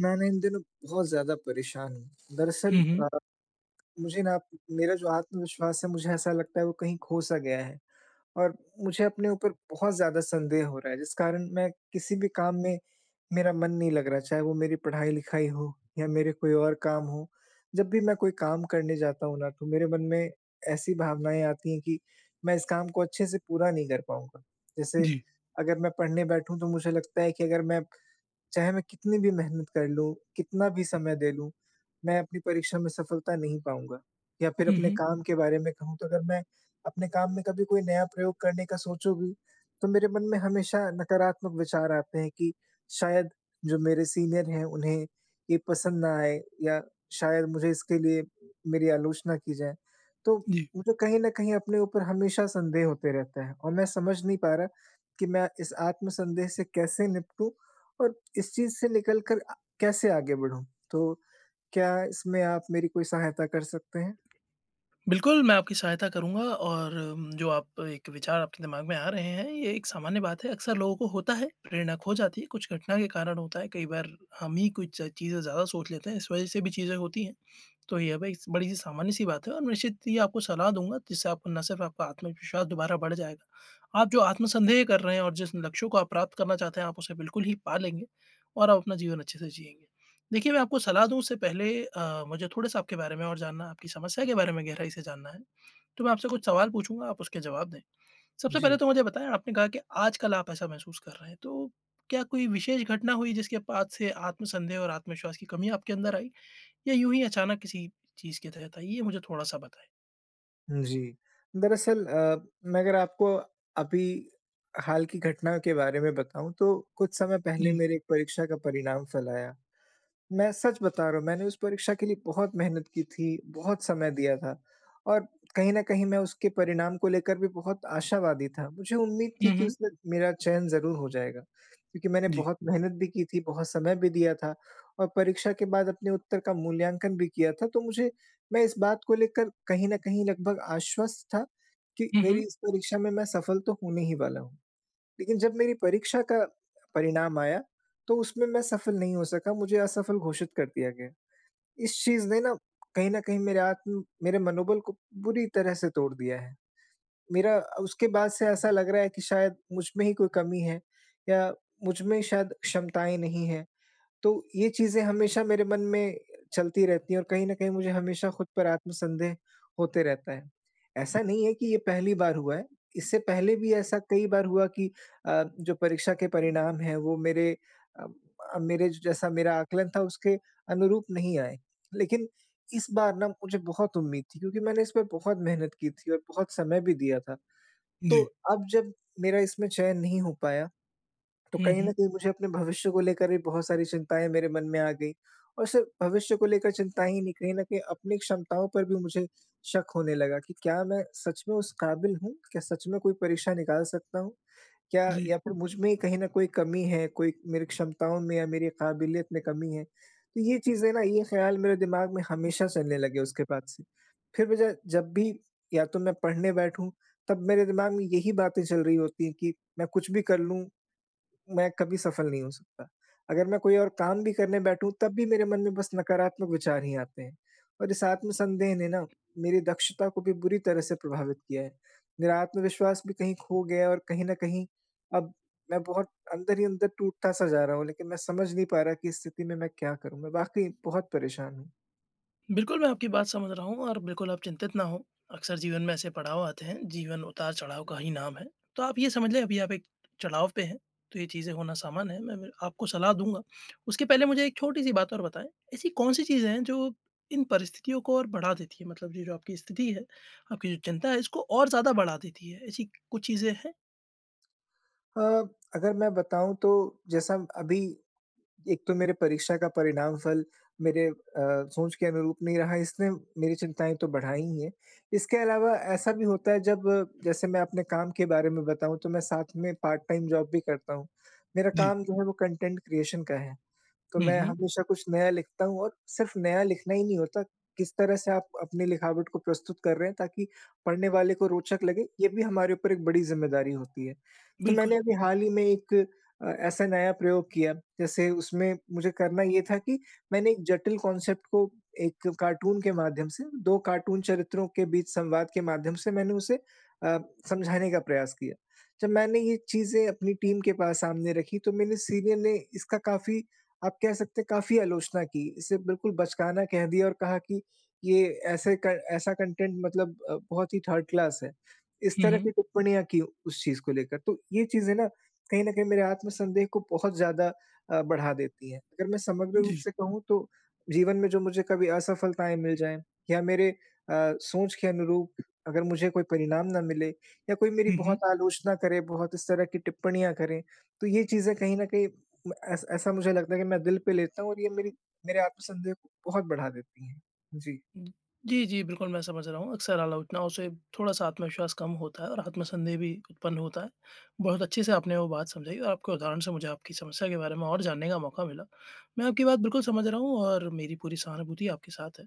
मैं ना इन दिनों बहुत ज़्यादा परेशान हूँ। हुँ, दरअसल हुँ। अ, मुझे ना म मेरा जो आत्मविश्वास है मुझे ऐसा लगता है वो कहीं खो-सा गया है। और मुझे अपने ऊपर बहुत ज़्यादा संदेह हो रहा है, जिस कारण मैं किसी भी काम में मेरा मन नहीं लग रहा। चाहे वो मेरी पढ़ाई-लिखाई हो या मेरे कोई और काम हों, जब भी मैं कोई काम करने जाता हूँ ना, तो मेरे मन में ऐसी भावनाएँ आती हैं कि मैं इस काम को अच्छे से पूरा नहीं कर पाऊँगा। जैसे जी। अगर मैं पढ़ने बैठूँ तो मुझे लगता है कि अगर मैं चाहे मैं कितनी भी मेहनत कर लूँ, कितना भी समय दे लूँ मैं अपनी परीक्षा में सफलता नहीं पाऊँगा। या फ़िर हुँ, अपने हुँ। काम के बारे में कहूँ तो अगर मैं, अपने काम में कभी कोई नया प्रयोग करने का सोचूँ भी, तो मेरे मन में हमेशा नकारात्मक विचार आते हैं कि शायद जो मेरे सीनियर हैं उन्हें ये पसंद न आए या शायद मुझे इसके लिए मेरी आलोचना की जाए। तो जी। मुझे कहीं न कहीं अपने ऊपर हमेशा संदेह होते रहते हैं और मैं समझ नहीं पा रहा कि मैं इस आत्मसंदेह से कैसे निपटूँ और इस चीज़ से निकल कर आ कैसे आगे बढ़ूँ? तो क्या इसमें आप मेरी कोई सहायता कर सकते हैं? बिल्कुल मैं आपकी सहायता करूँगा और म जो आप एक विचार आपके दिमाग में आ रहे हैं ये एक सामान्य बात है। अक्सर लोगों को होता है प्रेरणा खो जाती है, कुछ घटना के कारण होता है। कई बार हम ही कुछ च चीज़ें ज़्यादा सोच लेते हैं, इस वजह से भी चीज़ें होती हैं, तो ये बईस बड़ी-सी सामान्य-सी बात है और निश्चित ही आपको सलाह दूँगा जिससे आपको ना सिर्फ़ आपका आत्मविश्वास दोबारा बढ़ जाएगा, आप जो आत्मसंदेह कर रहे हैं और जिस लक्ष्यों को आप प्राप्त करना चाहते हैं, आप उसे बिल्कुल ही पा लेंगे और आप अपना जीवन अच्छे से जिएँगे। देखिए मैं आपको सलाह दूँ उससे पहले अ, मुझे थोड़ा-सा आपके बारे में और जानना, आपकी समस्या के बारे में गहराई से जानना है, तो मैं आपसे कुछ सवाल पूछूँगा आप उसके जवाब दें। सबसे पहले जी। तो मुझे बताएँ आपने कहा कि आजकल आप ऐसा महसूस कर रहे हैं तो, क्या कोई विशेष घटना हुई जिसके बाद से आत्मसंदेह और आत्मविश्वास की कमी आपके अंदर आई या यूँ ही अचानक किसी चीज़ के तहत आई? ये मुझे थोड़ा-सा बताए। जी। दरअसल, अ, मैं अगर आपको अभी हाल की घटना के बारे में बताऊँ तो कुछ समय पहले हुँ। मेरे एक परीक्षा का परिणाम फ़ल आया। मैं सच बता रहा हूँ मैंने उस परीक्षा के लिए बहुत मेहनत की थी, बहुत समय दिया था और कहीं न कहीं मैं उसके परिणाम को लेकर भी बहुत आशावादी था। मुझे उम्मीद थी हुँ, कि हुँ। उसमें मेरा चयन ज़रूर हो जाएगा। क्योंकि मैंने जी। बहुत मेहनत भी की थी, बहुत समय भी दिया था और परीक्षा के बाद अपने उत्तर का मूल्याँकन भी किया था। तो मुझे मैं इस बात को लेकर कहीं न कहीं लगभग आश्वस्त था कि हुँ, मेरी हुँ। इस परीक्षा में मैं सफ़ल तो होने ही वाला हूँ। लेकिन जब मेरी परीक्षा का परिणाम आया तो उसमें मैं सफ़ल नहीं हो सका मुझे असफ़ल घोषित कर दिया गया। इस चीज़ ने ना कहीं न कहीं मेरे आत्म, मेरे मनोबल को बुरी तरह से तोड़ दिया है। मेरा उसके बाद से ऐसा लग रहा है कि शायद मुझमें ही कोई कमी है या मुझ में शायद क्षमताएँ नहीं हैं। तो ये चीज़ें हमेशा मेरे मन में चलती रहती हैं और कहीं न कहीं मुझे हमेशा खुद पर आत्मसंदेह होते रहता है। ऐसा नहीं है कि ये पहली बार हुआ है, इससे पहले भी ऐसा कई बार हुआ कि अ, जो परीक्षा के परिणाम हैं वो मेरे अम, अ, मेरे जैसा मेरा आंकलन था उसके अनुरूप नहीं आएँ। लेकिन इस बार ना मुझे बहुत उम्मीद थी क्योंकि मैंने इस पे बहुत मेहनत की थी और बहुत समय भी दिया था। तो जी। अब जब मेरा इसमें चयन नहीं हो पाया तो हुँ, कहीं न हुँ। कहीं मुझे अपने भविष्य को लेकर भी बहुत सारी चिंताएँ मेरे मन में आ गई। और सिर्फ़ भविष्य को लेकर चिंताएँ ही नहीं कहीं न कहीं अपनी क्षमताओं पर भी मुझे शक होने लगा कि, क्या मैं सच में उस काबिल हूँ? क्या सच में कोई परीक्षा निकाल सकता हूँ? क्या जी। या फ़िर मुझ में कहीं न कोई कमी है कोई मेरी क्षमताओं में या मेरी काबिलियत में कमी है? तो ये चीज़ें ना ये ख़्याल मेरे दिमाग में हमेशा चलने लगे उसके बाद से। फ़िर मुझे जब भी या तो मैं पढ़ने बैठूँ तब मेरे दिमाग में यही बातें चल रही होती कि मैं कुछ भी कर लूँ मैं कभी सफ़ल नहीं हो सकता। अगर मैं कोई और काम भी करने बैठूँ तब भी मेरे मन में बस नकारात्मक विचार ही आते हैं। और इस आत्मसंदेह ने ना मेरी दक्षता को भी बुरी तरह से प्रभावित किया है। मेरा आत्मविश्वास भी कहीं खो गया है और कहीं न कहीं अब मैं बहुत अंदर ही अंदर टूटता सा जा रहा हूँ लेकिन मैं समझ नहीं पा रहा कि इस स्थिति में मैं क्या करूँ? मैं वाक़ई बहुत परेशान हूँ। बिल्कुल, मैं आपकी बात समझ रहा हूँ और बिल्कुल आप चिंतित न हो, अक्सर जीवन में ऐसे पड़ाव आते हैं, जीवन उतार-चढ़ाव का ही नाम है, तो आप ये समझ लें अभी आप एक चढ़ाव पे हैं तो ये चीज़ें होना सामान्य है, मैं मैं आपको सलाह दूँगा। उसके पहले मुझे एक छोटी-सी बात और बताएँ, ऐसी कौन-सी चीज़ें हैं जो इन परिस्थितियों को और बढ़ा देती है, मतलब ये जो आपकी स्थिति है, आपकी जो चिंता है इसको और ज़्यादा बढ़ा देती है? ऐसी कुछ चीज़ें हैं? अ, अगर मैं बताऊँ तो जैसा अभी, एक तो मेरे परीक्षा का परिणाम फल मेरे अ, सोच के अनुरूप नहीं रहा इसने मेरी चिंताएँ तो बढ़ाई ही है। इसके अलावा ऐसा भी होता है जब जैसे मैं अपने काम के बारे में बताऊँ तो मैं साथ में पार्ट टाइम जॉब भी करता हूँ। मेरा जी। काम जो है वो कंटेंट क्रिएशन का है, तो हुँ, मैं हुँ। हमेशा कुछ नया लिखता हूँ और सिर्फ नया लिखना ही नहीं होता, किस तरह से आप अपनी लिखावट को प्रस्तुत कर रहे हैं, ताकि पढ़ने वाले को रोचक लगे, ये भी हमारे ऊपर एक बड़ी ज़िम्मेदारी होती है। तो बिल्कुल। मैंने अभी हाल ही में एक अ, ऐसा नया प्रयोग किया जैसे उसमें मुझे करना ये था कि मैंने एक जटिल कांसेप्ट को एक कार्टून के माध्यम से 2 कार्टून चरित्रों के बीच संवाद के माध्यम से मैंने उसे अ, समझाने का प्रयास किया। जब मैंने ये चीज़ें अपनी टीम के पास सामने रखी तो मेरे सीनियर ने इसका काफ़ी, आप कह सकते हैं काफ़ी आलोचना की। इसे बिल्कुल बचकाना कह दिया और कहा कि ये ऐसे क ऐसा कंटेंट मतलब अ, बहुत ही थर्ड क्लास है। इस हुँ, तरह की हुँ। टिप्पणियाँ की उस चीज़ को लेकर तो ये चीज़ें ना, कहीं न कहीं मेरे आत्मसंदेह को बहुत ज़्यादा अ, बढ़ा देती हैं। अगर मैं समग्र रूप जी। से कहूँ तो जीवन में जो मुझे कभी असफलताएँ मिल जाएँ, या मेरे अ, सोच के अनुरूप अगर मुझे कोई परिणाम न मिले, या कोई मेरी हुँ, बहुत हुँ। आलोचना करे, बहुत इस तरह की टिप्पणियाँ करे तो ये चीज़ें कहीं न कहीं ऐस ऐसा मुझे लगता है कि मैं दिल पे लेता हूँ और ये मेरी मेरे आत्मसंदेह को बहुत बढ़ा देती हैं। जी। उम। जी, जी, बिल्कुल। मैं समझ रहा हूँ अक्सर आलोचनाओं से थोड़ा-सा आत्मविश्वास कम होता है और आत्मसन्देह भी उत्पन्न होता है। बहुत अच्छे से आपने वो बात समझाई और आपको उदाहरण से मुझे आपकी समस्या के बारे में और जानने का मौका मिला। मैं आपकी बात बिल्कुल समझ रहा हूँ और मेरी पूरी सहानुभूति आपके साथ है।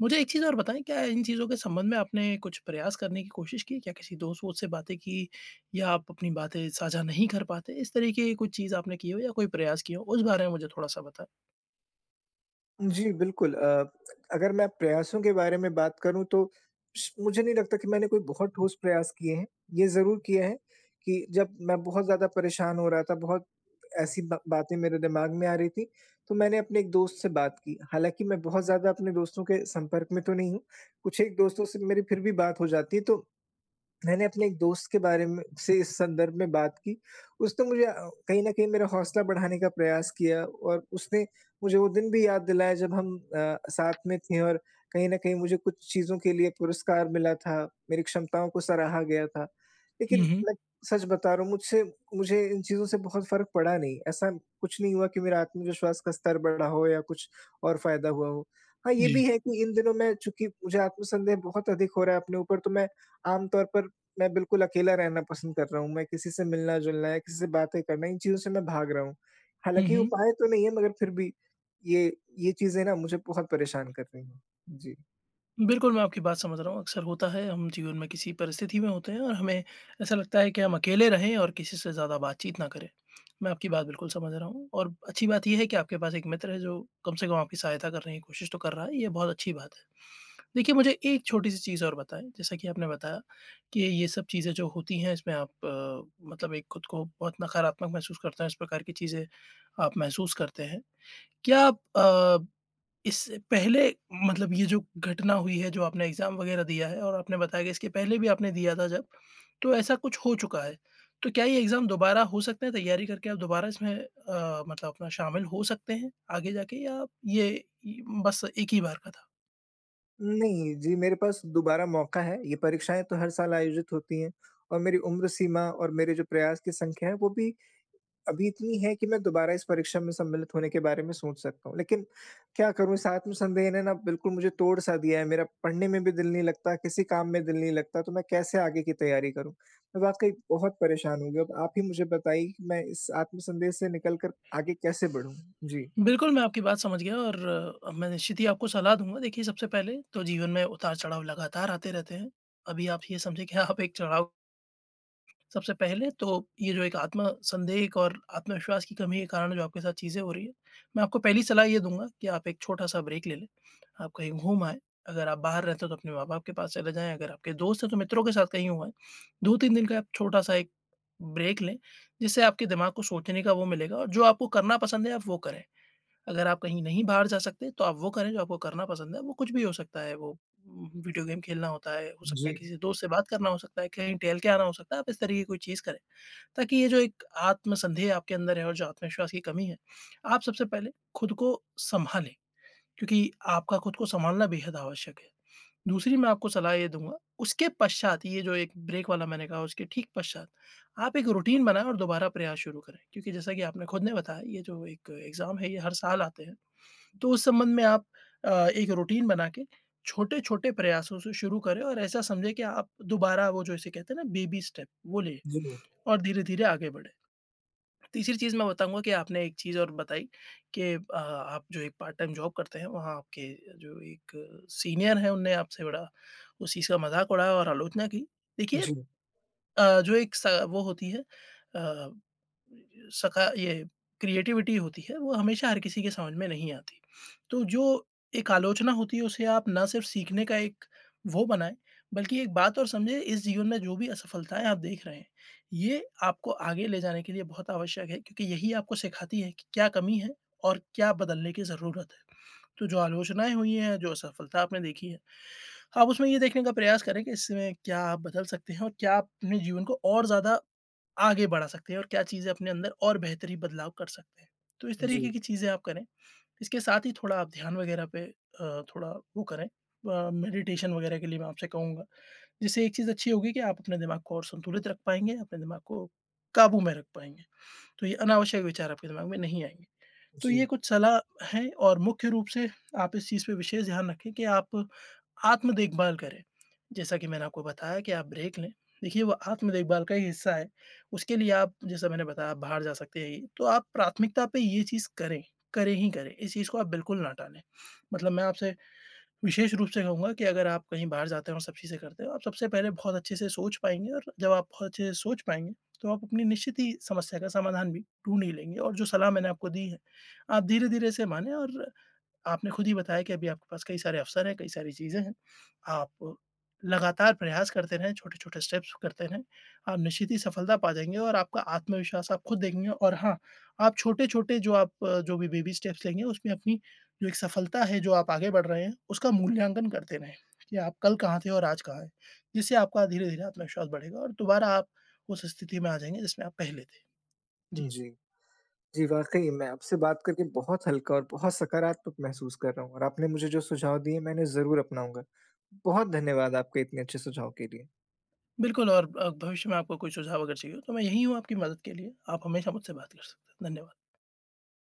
मुझे एक चीज़ और बताएँ क्या इन चीज़ों के संबंध में आपने कुछ प्रयास करने की कोशिश की? क्या किसी दोस्त-वोस्त से बातें की? या आप अपनी बातें साझा नहीं कर पाते, इस तरीके कुछ चीज़ आपने की हो या कोई प्रयास किए हो उस बारे में मुझे थोड़ा-सा बताएँ? जी, बिल्कुल। अ, अगर मैं प्रयासों के बारे में बात करूँ तो स मुझे नहीं लगता कि मैंने कोई बहुत ठोस प्रयास किए हैं। ये ज़रूर किया है कि जब मैं बहुत ज़्यादा परेशान हो रहा था, बहुत ऐसी बा बातें मेरे दिमाग में आ रही थीं, तो मैंने अपने एक दोस्त से बात की। हालाँकि मैं बहुत ज़्यादा अपने दोस्तों के संपर्क में तो नहीं हूँ, कुछ एक दोस्तों से मेरी फिर भी बात हो जाती है, तो मैंने अपने एक दोस्त के बारे म से इस संदर्भ में बात की। उसने मुझे अ, कहीं न कहीं मेरा हौसला बढ़ाने का प्रयास किया, और उसने मुझे वो दिन भी याद दिलाया जब हम अ, साथ में थे और कहीं न कहीं मुझे कुछ चीज़ों के लिए पुरस्कार मिला था, मेरी क्षमताओं को सराहा गया था। लेकिन हुँ, हुँ। मैं सच बता रहा हूँ, मुझसे मुझे इन चीज़ों से बहुत फ़र्क पड़ा नहीं। ऐसा कुछ नहीं हुआ कि मेरा आत्मविश्वास का स्तर बढ़ा हो या कुछ और फ़ायदा हुआ हो। हाँ, ये भी जी। है कि इन दिनों मैं चूँकि मुझे आत्मसंदेह बहुत अधिक हो रहा है अपने ऊपर, तो मैं आम तौर पर मैं बिल्कुल अकेला रहना पसंद कर रहा हूँ। मैं किसी से मिलना-जुलना या किसी से बातें करना, इन चीज़ों से मैं भाग रहा हूँ। हुँ, हालाँकि ये हुँ। उपाय तो नहीं है मगर फ़िर भी, ये ये चीज़ें ना मुझे बहुत परेशान कर रही हैं। जी। बिल्कुल मैं आपकी बात समझ रहा हूँ। अक्सर होता है, हम जीवन में किसी परिस्थिति में होते हैं और हमें ऐसा लगता है कि हम अकेले रहें और किसी से ज़्यादा बातचीत ना करें। मैं आपकी बात बिल्कुल समझ रहा हूँ। और अच्छी बात ये है कि आपके पास एक मित्र है जो, कम से कम आपकी सहायता करने की कोशिश तो कर रहा है। ये बहुत अच्छी बात है। देखिए, मुझे एक छोटी-सी चीज़ और बताएँ। जैसा कि आपने बताया कि ये सब चीज़ें जो होती हैं, इसमें आप, मतलब एक ख़ुद को बहुत नकारात्मक महसूस करते हैं इस प्रकार की चीज़ें, आप महसूस करते हैं। क्या आप अ, इससे पहले मतलब ये जो घटना हुई है जो आपने एक्ज़ाम वगैरह दिया है और आपने बताया कि इसके पहले भी आपने दिया था जब, तो ऐसा कुछ हो चुका है। तो क्या ये एक्ज़ाम दोबारा हो सकते हैं, तैयारी करके, आप दोबारा इसमें अ, मतलब अपना शामिल हो सकते हैं, आगे जाके या ये बस 1 ही बार का था? नहीं। जी मेरे पास दोबारा मौका है। ये परीक्षाएँ तो हर साल आयोजित होती हैं। और मेरी उम्र सीमा और मेरे जो प्रयास की संख्या है, वो भी अभी इतनी है कि मैं दोबारा इस परीक्षा में सम्मिलित होने के बारे में सोच सकता हूँ। लेकिन, क्या करूँ इस आत्म संदेह ने ना बिल्कुल मुझे तोड़ सा दिया है। मेरा पढ़ने में भी दिल नहीं लगता, किसी काम में दिल नहीं लगता, तो मैं कैसे आगे की तैयारी करूँ? वाक़ई बहुत परेशान हूँ। अब आप ही मुझे बताइए, कि मैं इस आत्मसंदेह से निकल कर आगे कैसे बढ़ूँ? जी। बिल्कुल मैं आपकी बात समझ गया और, मैं निश्चित ही आपको सलाह दूँगा। देखिए सबसे पहले, तो जीवन में उतार-चढ़ाव लगातार आते रहते हैं। अभी आप ये समझिए कि आप एक चढ़ाव सबसे पहले तो ये जो एक आत्म-संदेह एक और आत्मविश्वास की कमी के कारण जो आपके साथ चीजें हो रही हैं, मैं आपको पहली सलाह ये दूँगा कि आप एक छोटा-सा ब्रेक ले लें। आप कहीं घूम आएँ, अगर आप बाहर रहते हो तो, अपने माँ-बाप के पास चले जाएँ, अगर आपके दोस्त हैं, तो मित्रों के साथ कहीं हो आए। 2-3 दिन का छोटा-सा एक ब्रेक लें। जिससे आपके दिमाग को सोचने का वो मिलेगा और जो आपको करना पसंद है, आप वो करें। अगर आप कहीं नहीं बाहर जा सकते, तो आप वो करें जो आपको करना पसंद है। वो कुछ भी हो सकता है, वो वीडियो गेम खेलना होता है हो सकता है जी। किसी दोस्त से बात करना हो सकता है, कहीं टहल के आना हो सकता है, आप इस तरीके की कोई चीज़ करें। ताकि ये जो एक आत्मसन्देह आपके अंदर है और जो आत्मविश्वास की कमी है, आप सबसे पहले ख़ुद को संभालें। क्योंकि आपका ख़ुद को संभालना, बेहद आवश्यक हैं। दूसरी मैं आपको सलाह ये दूँगा, उसके पश्चात ये जो एक ब्रेक वाला मैंने कहा उसके ठीक पश्चात, आप एक रूटीन बनाना, दोबारा प्रयास शुरू करें, क्योंकि जैसा कि आपने ख़ुद ने बताया, ये जो एक एक्ज़ाम है ये हर साल आते हैं। तो उस संबंध में आप अ, एक रूटीन बना के, छोटे-छोटे प्रयासों से शुरू करें और ऐसा समझें कि आप दोबारा वो जो इसे कहते हैं ना बेबी स्टेप वो ले जी। और धीरे-धीरे आगे बढ़े। तीसरी चीज़ मैं बताऊँगा कि आपने एक चीज़ और बताई कि अ, आप जो एक पार्ट टाइम जॉब करते हैं, वहाँ आपके जो एक सीनियर हैं, उन्होंने आपसे बड़ा उस चीज़ का मज़ाक उड़ाया और आलोचना की। देखिए, जी। अ, जो एक स वो होती है अ, सका ये, क्रिएटिविटी होती है, वो हमेशा हर किसी के समझ में नहीं आती। तो जो, एक आलोचना होती है उसे आप ना सिर्फ़ सीखने का एक वो बनाएँ, बल्कि एक बात और समझें, इस जीवन में जो भी असफलताएँ आप देख रहे हैं, ये आपको आगे ले जाने के लिए बहुत आवश्यक हैं क्योंकि यही आपको सिखाती है कि क्या कमी है और क्या बदलने की ज़रूरत है? तो जो आलोचनाएँ हुई हैं, जो असफलता आपने देखी है, आप उसमें ये देखने का प्रयास करें कि इसमें क्या आप बदल सकते हैं, और क्या आप अपने जीवन को और ज़्यादा आगे बढ़ा सकते हैं और क्या चीज़ें अपने अंदर और बेहतरी बदलाव कर सकते हैं। तो इस तरीके जी। की चीज़ें आप करें। इसके साथ ही थोड़ा, आप ध्यान वगैरह पे अ, थोड़ा वो करें अ, मेडिटेशन वगैरह के लिए मैं आपसे कहूँगा। जिससे एक चीज़ अच्छी होगी कि आप अपने दिमाग को और संतुलित रख पाएँगे, अपने दिमाग को काबू में रख पाएँगे। तो ये, अनावश्यक विचार आपके दिमाग में नहीं आएँगे। तो ये जी। कुछ सलाह हैं और मुख्य रूप से, आप इस चीज़ पे विशेष ध्यान रखें कि आप आत्म-देखभाल करें। जैसा कि मैंने आपको बताया कि आप ब्रेक लें, देखिए वो आत्म-देखभाल का ही हिस्सा है, उसके लिए आप, जैसा मैंने बताया आप बाहर जा सकते हैं। तो आप प्राथमिकता पे ये चीज़ करें। करें ही, करें इस चीज़ को आप बिल्कुल ना टालें। मतलब मैं आपसे विशेष रूप से कहूँगा कि अगर आप कहीं बाहर जाते हो और सब चीज़ से करते हो, आप सबसे पहले बहुत अच्छे से सोच पाएँगे और जब आप बहुत अच्छे से सोच पाएँगे, तो आप अपनी निश्चित ही समस्या का समाधान भी ढूँढ ही लेंगे। और जो सलाह मैंने आपको दी है, आप धीरे-धीरे इसे मानें और आपने ख़ुद ही बताया कि अभी आपके पास कई सारे अवसर हैं, कई सारी चीज़ें हैं। आप लगातार प्रयास करते रहें, छोटे-छोटे स्टेप्स करते रहें। आप निश्चित सफलता पा जाएँगे और आपका आत्मविश्वास आप ख़ुद देखेंगे। और हाँ, आप छोटे-छोटे, जो आप, जो भी बेबी स्टेप्स लेंगे उसमें अपनी, जो एक सफलता है, जो आप आगे बढ़ रहे हैं, उसका मूल्यांकन करते रहें कि आप कल कहाँ थे और आज कहाँ हैं। जिससे आपका धीरे-धीरे आत्मविश्वास बढ़ेगा और दोबारा आप उस स्थिति में आ जाएँगे, जिसमें आप पहले थे। जी। जी। जी, वाक़ई मैं आपसे बात करके बहुत हल्का और बहुत सकारात्मक महसूस कर रहा हूँ। और आपने मुझे जो सुझाव दिए, मैं उन्हें ज़रूर अपनाऊँगा। बहुत धन्यवाद आपके इतने अच्छे सुझाव के लिए। बिल्कुल और अ, भविष्य में आपको कोई सुझाव अगर चाहिए हो, तो मैं यहीं हूँ आपकी मदद के लिए। आप हमेशा मुझसे बात कर सकते हैं। धन्यवाद।